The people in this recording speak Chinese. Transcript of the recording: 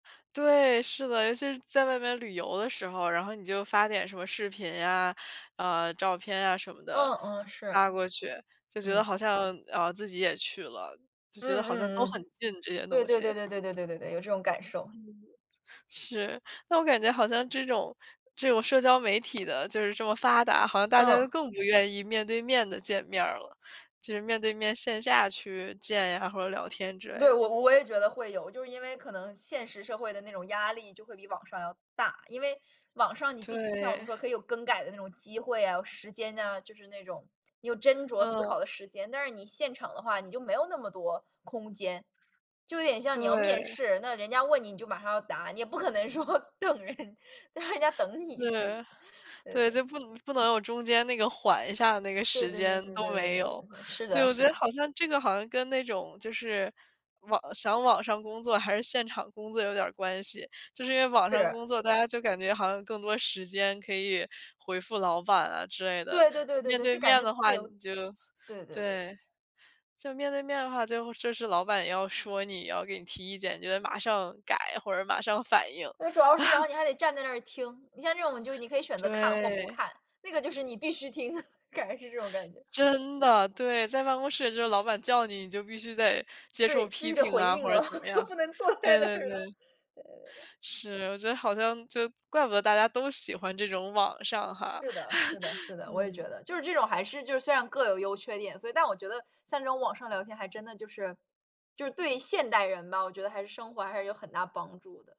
对，是的。尤其是在外面旅游的时候，然后你就发点什么视频啊，呃，照片啊什么的，嗯嗯，是。发过去，就觉得嗯。好像，呃，自己也去了，就觉得嗯好像嗯都嗯。很近这些对东对西。对对对对对对，有这种感受。嗯，是。但我感觉好像这种这种社交媒体的就是这么发达，好像大家都嗯。更不愿意面对面地见面儿了，就是面对面线下去见啊，或者聊天之对，类的。我我也觉得会有，就是因为可能现实社会的那种压力就会比网上要大。因为网上你毕竟就像我们对。说可以有更改的那种机会啊，时间呐，就是那种你有斟酌思考嗯。的时间。但是你现场的话，你就没有那么多空间。就有点像你要面对。试，那人家问你，你就马上要答，你也不可能说等人，就让人家等你。对对，对对，就对。不能不能有中间那个缓一下那个对时对对间对对对都没对有。对对，是对，的，我是觉得的。好像这个好像跟那种就是，网想网上工作还是现场工作有点儿关系。就是因为网上是。工作，大家就感觉好像更多时间可以回复老板啊之类的，对对对对面对，对就感面觉的自话由。你就对对对。对。就面对面的话，就是老板要说你也要给你提意见，你就得马上改或者马上反应。因为主要是然 后你还得站在那听，你像这种你可以选择看或不对。看，那个就是你必须听，感觉是这种感觉。真的，对，在办公室就老板叫你，你就必须得接对，受必批须得评回啊，应或者了，怎么样，不能坐在对那对儿了，对。对对对对。是，我觉得好像就怪不得大家都喜欢这种网上哈。是的，是 的，是的，我也觉嗯。得。就是这种还是就是虽然各有优缺点，所以但我觉得像这种网上聊天，还真的就是，就是对现代人吧，我觉得还是生活上还是有很大帮助的。